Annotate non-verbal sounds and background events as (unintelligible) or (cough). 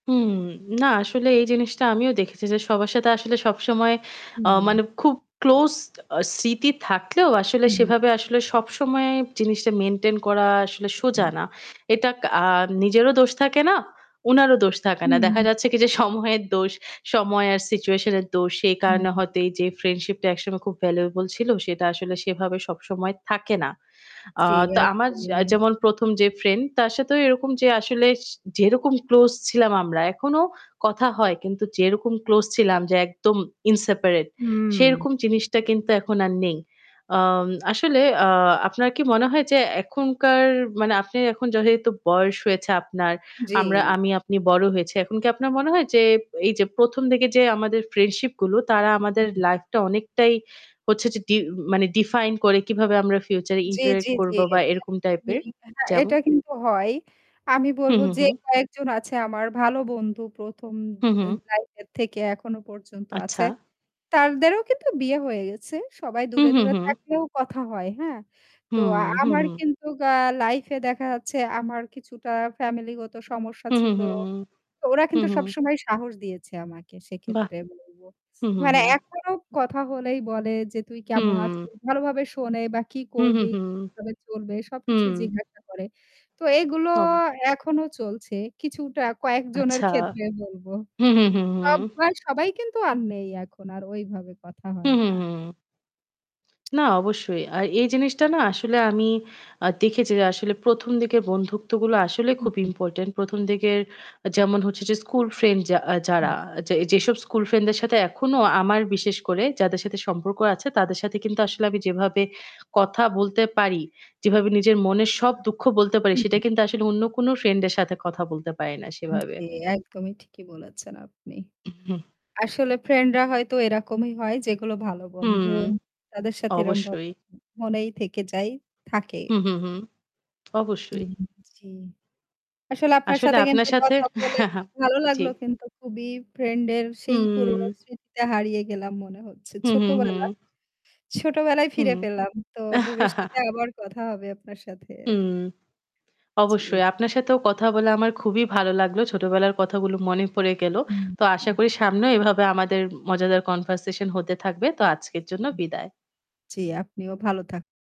হুম। না আসলে এই জিনিসটা আমিও দেখেছি যে সবার সাথে আসলে সবসময় আ হুম। মানে খুব ক্লোজ আ স্মৃতি থাকলেও আসলে হুম। সেভাবে আসলে সবসময় জিনিসটা মেইনটেইন করা আসলে সোজা হুম। না। এটা আ নিজেরও দোষ থাকে না, উনারও দোষ থাকে না। দেখা হুম। যাচ্ছে কি যে সময়ের দোষ, সময় আর সিচুয়েশন এর দোষ। সেই কারণে হুম। হয়তো এই যে ফ্রেন্ডশিপ টা একসময় খুব ভ্যালুয়েবল ছিল সেটা আসলে সেভাবে সবসময় থাকে না। আ জ্বি তো এক। আমার (unintelligible) যেমন ১ম যে ফ্রেন্ড তার সাথেও এরকম যে আসলে যেরকম ক্লোজ ছিলাম আমরা এখনো কথা হয়। কিন্তু যেরকম ক্লোজ ছিলাম যে একদম ইনসেপারেট, হুম। সেরকম জিনিসটা কিন্তু এখন আর নেই। আ আসলে আ আপনার কি মনে হয় যে এখনকার মানে আপনি এখন যেহেতু বয়স হয়েছে আপনার, জ্বী। আমরা আমি আপনি বড় হয়েছি। এখন কি আপনার মনে হয় যে এই যে ১ম দিকে যে আমাদের ফ্রেন্ডশিপ গুলো তারা আমাদের হুম। লাইফটা অনেকটাই হচ্ছে যে মানে ডি ডিফাইন করে কিভাবে আমরা ফিউচার এ জ্বী, ইন্টারেক্ট জ্বী, করবো বা এরকম জ্বী। টাইপের হ্যাঁ, যেমন। এটা কিন্তু হয়। আমি হু, বলব হু, যে হু। কয়েকজন আছে আমার ভালো বন্ধু ১ম হু, আ হু। লাইফ এর থেকে এখনো পর্যন্ত আচ্ছা। আছে। তাদেরও কিন্তু বিয়ে হয়ে গেছে। সবাই হু, দূরে, হু, দূরে হু। থাকলেও কথা হয় হ্যাঁ। তো হুম, হু, আমার হু। কিন্তু আ লাইফ এ দেখা যাচ্ছে আমার কিছুটা ফ্যামিলি গত সমস্যা হু, হু, ছিল। হু, হু। ওরা হু, কিন্তু হু। সবসময় সাহস দিয়েছে আমাকে বাহ! সেক্ষেত্রে বলবো। হুম, হুম, মানে হুম। এখনও কথা হলেই বলে যে তুই কেমন আছিস? হুম। ভালোভাবে শোনে বা কি হুম, হুম, করবি হুম, হুম। কিভাবে চলবে হুম, হুম, হুম, সবকিছুই হুম। জিজ্ঞাসা করে। তো এগুলো অবশ্যই। এখনো চলছে। কিছুটা কয়েকজনের আচ্ছা। ক্ষেত্রে বলব। হুম, হুম, হুম, হুম। (unintelligible) সবাই কিন্তু আর নেই এখন আর ঐভাবে কথা হু, হয় হু, না। হু। না অবশ্যই। আর এই জিনিসটা না আসলে আমি আ দেখেছি যে আসলে ১ম দিকের বন্ধুত্বগুলো আসলে হু, খুব হুম। ইম্পোর্টেন্ট। ১ম দিকের যেমন হচ্ছে যে স্কুল ফ্রেন্ড যা হুম। যারা আ যে যেসব স্কুল ফ্রেন্ডদের সাথে এখনো আমার বিশেষ করে যাদের সাথে সম্পর্ক আছে তাদের সাথে কিন্তু আসলে আমি যেভাবে কথা বলতে পারি, যেভাবে নিজের মনের সব দুঃখ বলতে পারি, হুম। সেটা কিন্তু আসলে অন্য কোন ফ্রেন্ড এর সাথে কথা বলতে পারি না সেভাবে। জি, একদমই ঠিকই বলেছেন আপনি। হুম। আসলে ফ্রেন্ডরা হয়তো এরকমই হয় যেগুলো ভালো বন্ধু হুম। তাদের সাথে এরকমভাবে অবশ্যই। মনেই থেকে যাই থাকে। হু, হু, হু। অবশ্যই। হুম। জ্বি। আসলে আপনার আসলে সাথে আপনার কিন্তু সাথে কথা বলে (chuckles) ভালো জ্বি। লাগলো কিন্তু খুবই ফ্রেন্ড এর সেই পুরনো হুম। স্মৃতিতে হারিয়ে গেলাম মনে হচ্ছে। হু, হু, হু। ছোটবেলা। ছোটবেলায় হুম। ফিরে পেলাম। তো ভবিষ্যতে আবার কথা হবে আপনার সাথে। হুম, জ্বি। অবশ্যই। আপনার সাথেও কথা বলে আমার খুবই ভালো লাগলো। ছোটবেলার কথাগুলো মনে পড়ে গেল। হুম। তো আশা করি সামনেও এভাবে আমাদের মজাদার কনভারসেশন হতে থাকবে। তো আজকের জন্য হুম। বিদায়। জ্বি, আপনিও ভালো থাকুন।